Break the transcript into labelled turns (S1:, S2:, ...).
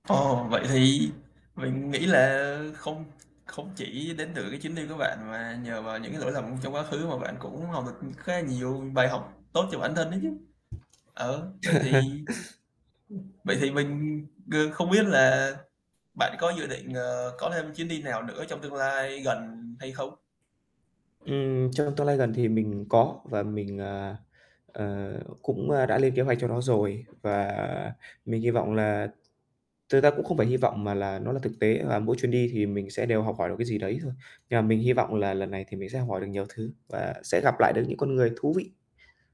S1: Ồ, vậy thì mình nghĩ là không không chỉ đến từ cái chuyến đi của bạn mà nhờ vào những cái lỗi lầm trong quá khứ mà bạn cũng học được khá là nhiều bài học tốt cho bản thân ấy chứ. Ờ, vậy thì ừm, vậy thì mình g không biết là bạn có dự định, ờ, có thêm chuyến đi nào nữa trong tương lai gần hay không?
S2: Ừm, trong tương lai gần thì mình có và mình, ờ, ờ, cũng, a, đã lên kế hoạch cho nó rồi và mình hy vọng là thật ra cũng không phải hy vọng mà là nó là thực tế và mỗi chuyến đi thì mình sẽ đều học hỏi được cái gì đấy thôi. Nhưng mà mình hy vọng là lần này thì mình sẽ học hỏi được nhiều thứ và sẽ gặp lại được những con người thú vị.